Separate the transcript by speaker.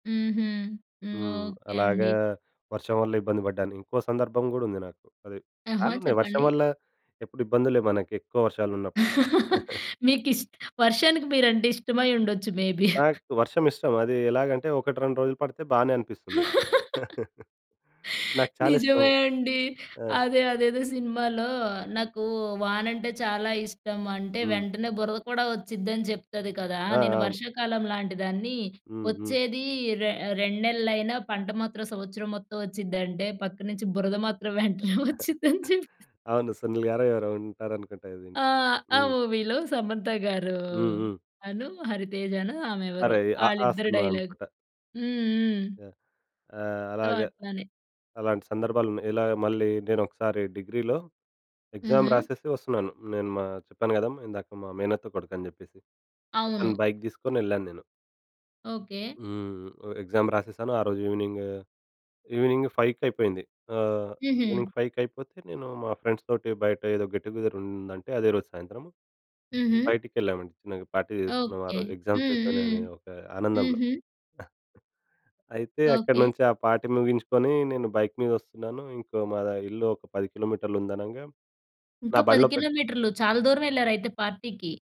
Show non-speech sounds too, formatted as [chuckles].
Speaker 1: హుహు. హ్మ్.
Speaker 2: హ్మ్.
Speaker 1: ఓకే
Speaker 2: అలాగా
Speaker 1: అండి.
Speaker 2: వర్షం వల్ల ఇబ్బంది పడ్డాను. ఇంకో సందర్భం గూడా ఉంది నాకు. అది
Speaker 1: ఆహా!
Speaker 2: చాలా ఉన్నాయి వర్షం
Speaker 1: చెప్పండి.
Speaker 2: వల్ల, ఎప్పుడు ఇబ్బందులే మన‌కెక్కువ వర్షాలున్నప్పుడు.
Speaker 1: [laughs]
Speaker 2: [chuckles]
Speaker 1: మీకిస్ట్ వర్షానికి మీరంటే ఇష్టమై ఉండొచ్చు మే‌బి.
Speaker 2: నాకు వర్షము ఇష్టం. అదీ ఎలాగంటే ఒకటి, 2 రోజులు పడితే బానే అనిపిస్తుంది.
Speaker 1: [chuckles]
Speaker 2: [chuckles] నాకు చాలా ఇష్టం.
Speaker 1: నిజమే అండి.
Speaker 2: ఆ!
Speaker 1: అదే, అదేదో సినిమాలో, నాకు వానంటే చాలా ఇష్టం. అంటే
Speaker 2: హ్మ్.
Speaker 1: వెంటనే బురద కూడా వచ్చిద్డి, అని చెప్తది కదా!
Speaker 2: ఆ!
Speaker 1: నేను
Speaker 2: అవును.
Speaker 1: వర్షాకాలం లాంటి దాన్ని,
Speaker 2: హ్మ్. హ్మ్.
Speaker 1: వచ్చేది రె రెండు నెలలైనా పంట మాత్రం సంవత్సరం మొత్తం వచ్చిందంటే, పక్కనుంచి బురద మాత్రం వెంటనే
Speaker 2: [chuckles]
Speaker 1: వచ్చిద్డి అని చెప్త
Speaker 2: అవును. సునీల్ గారో ఎవరో ఉంటారనుకుంట
Speaker 1: ఆ!
Speaker 2: దీనికి.
Speaker 1: ఆ
Speaker 2: హ్మ్.
Speaker 1: మూవీ‌లో సమంత గారు,
Speaker 2: హ్మ్. హ్మ్.
Speaker 1: అను, హరితేజనో ఆమెవరో
Speaker 2: అరేయ్! 'ఆఆ'
Speaker 1: ఆళ్ళిద్దరి
Speaker 2: సినిమా
Speaker 1: డైలాగు.
Speaker 2: అనుకుంట.
Speaker 1: హ్మ్, హ్మ్.
Speaker 2: యాహ్! ఆహ్,
Speaker 1: సో,
Speaker 2: అలాగ
Speaker 1: అట్లనే.
Speaker 2: అలాంటి సందర్భాలు‌న్నాయి. ఇలా మళ్ళీ నేనొకసారి డిగ్రీలో, ఎగ్జామ్
Speaker 1: హుహు.
Speaker 2: రాసేసి వస్తున్నాను, నేను మా చెప్పాను గదా! ఇందాక మా మేనత్త కొడుకని జెప్పేసి.
Speaker 1: అవును.
Speaker 2: అతని బైకు దీసుకొని యెళ్ళాను నేను.
Speaker 1: ఓకే.
Speaker 2: హ్మ్. వ ఎగ్జామ్ రాసేశాను. ఆ రోజు ఈవెనింగు ఈవెనింగ్ ఫైవ్‌కయిపోయింది. ఆహ్, ఈవెనింగ్
Speaker 1: హుహు.
Speaker 2: ఫైవ్‌కయిపోతే, నేను మా ఫ్రెండ్స్‌తోటి బయటేదో గెట్ టుగెదర్ ఉందంటే, అదే రోజు సాయంత్రం,
Speaker 1: హుహు.
Speaker 2: బయటికెళ్ళామండి, చిన్న‌గా పార్టీ చేసుకున్నాం
Speaker 1: ఓకే.
Speaker 2: ఆరోజు.
Speaker 1: హ్మ్.
Speaker 2: ఎగ్జామ్సయిపోయినయని
Speaker 1: హ్మ్.
Speaker 2: ఒక ఆనందంలో.
Speaker 1: హుహు.
Speaker 2: [chuckles] అయితే అక్కడ
Speaker 1: ఓకే.
Speaker 2: నుంచి ఆ పార్టీ ముగించుకొని, నేను బైకు మీదొస్తున్నాను. ఇంకో మా‌దా ఇల్లు ఒక, 10 కి.మీ. ఉంది అనంగా
Speaker 1: ఇంకా,
Speaker 2: నా
Speaker 1: పది
Speaker 2: బండిలో పెట్
Speaker 1: కిలోమీటర్లు చాలా దూరమెళ్లారు అయితే పార్టీ‌కి.